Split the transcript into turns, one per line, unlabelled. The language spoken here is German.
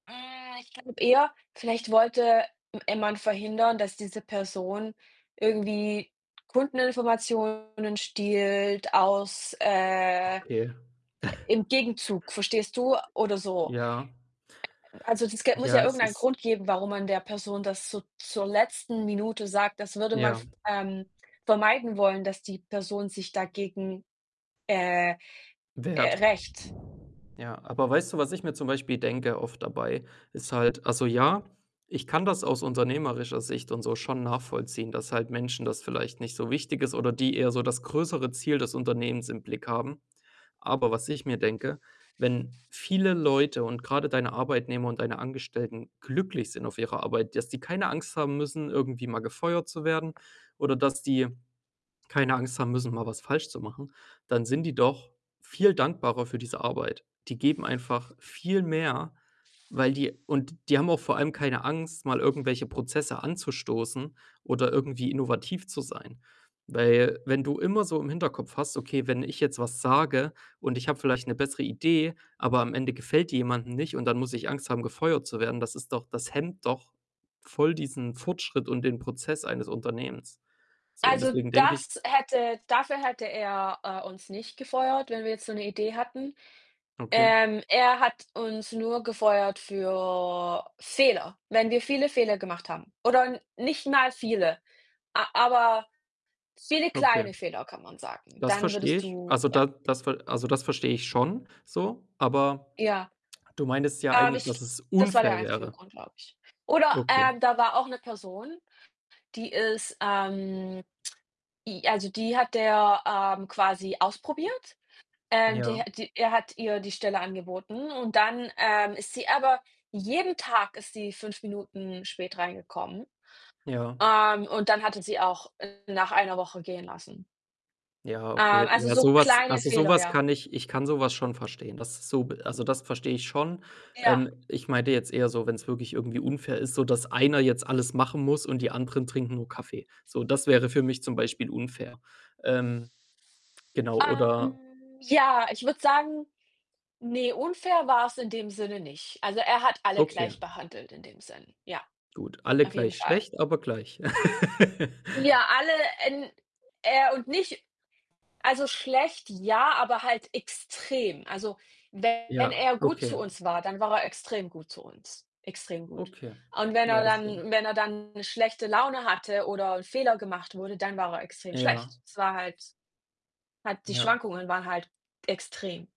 Äh, ich glaube eher, vielleicht wollte [unintelligible] verhindern, dass diese Person irgendwie Kundeninformationen stiehlt aus, äh äh
Okay.
im Gegenzug, verstehst du? Oder so.
Ja.
Also, das Geld muss
Ja,
ja
es
irgendeinen
ist
Grund geben, warum man der Person das so zur letzten Minute sagt, das würde man,
Ja.
[unintelligible] ähm, vermeiden wollen, dass die Person sich dagegen, äh, äh,
Wert.
rächt.
Ja, aber weißt du, was ich mir zum Beispiel denke oft dabei, ist halt also ja, ich kann das aus unternehmerischer Sicht und so schon nachvollziehen, dass halt Menschen das vielleicht nicht so wichtig ist oder die eher so das größere Ziel des Unternehmens im Blick haben. Aber was ich mir denke, wenn viele Leute und grade deine Arbeitnehmer und deine Angestellten glücklich sind auf ihrer Arbeit, dass die keine Angst haben müssen, irgendwie mal gefeuert zu werden oder dass die keine Angst haben müssen, mal was falsch zu machen, dann sind die doch viel dankbarer für diese Arbeit. Die geben einfach viel mehr, weil die und die haben auch vor allem keine Angst, mal irgendwelche Prozesse anzustoßen oder irgendwie innovativ zu sein. Weil, wenn du immer so im Hinterkopf hast: „Okay, wenn ich jetzt was sage und ich habe vielleicht ‘ne bessere Idee, aber am Ende gefällt die jemanden nicht und dann muss ich Angst haben, gefeuert zu werden”, das ist doch das hemmt doch voll diesen Fortschritt und den Prozess eines Unternehmens. So, und
Also,
deswegen denke ich
das hätte dafür hätte er, äh, uns nicht gefeuert, wenn wir jetzt so ‘ne Idee hatten.
Okay.
Ähm, er hat uns nur gefeuert für Fehler. Wenn wir viele Fehler gemacht haben oder nicht mal viele, a aber viele
Okay.
kleine Fehler kann man sagen,
Das
dann
verstehe
würdest
ich.
du
Also,
ja.
da das ver also, das verstehe ich schon so, aber
Ja.
du meintest ja
Ähm,
eigentlich,
ich
dass es
das war der
unfair
einzige
wäre.
Grund, glaube ich. Oder,
Okay.
äh, da war auch 'ne Person, die ist, ähm i also, die hat der, ähm, quasi ausprobiert. Ähm,
Ja.
der die er hat ihr die Stelle angeboten und dann, ähm, ist sie aber jeden Tag ist sie 5 Minuten spät reingekommen.
Ja.
Ähm, und dann hat er sie auch nach 1 Woche gehen lassen.
Ja, okay.
Ähm, also,
Ja,
so
so was
kleine
also, so
Fehler,
was
ja.
kann ich ich kann so was schon verstehen. Das ist so also, das verstehe ich schon.
Ja.
Ähm, ich meinte jetzt eher so, wenn‘s wirklich irgendwie unfair ist, sodass einer jetzt alles machen muss und die anderen trinken nur Kaffee. So, das wäre für mich zum Beispiel unfair. Ähm, genau, oder
Ähm, ja, ich würde sagen, ne, unfair war‘s in dem Sinne nicht. Also, er hat alle
Okay.
gleich behandelt in dem Sinn. Ja,
Gut, alle
auf jeden
gleich
Fall.
schlecht, aber gleich.
Ja, alle in er und nicht also, schlecht ja, aber halt extrem. Also, wenn
Ja,
er gut
okay.
zu uns war, dann war er extrem gut zu uns, extrem gut.
Okay.
Und wenn
Ja,
er
deswegen.
dann wenn er dann schlechte Laune hatte oder ‘n Fehler gemacht wurde, dann war er extrem
Ja.
schlecht. Es war halt halt die
Ja.
Schwankungen waren halt extrem.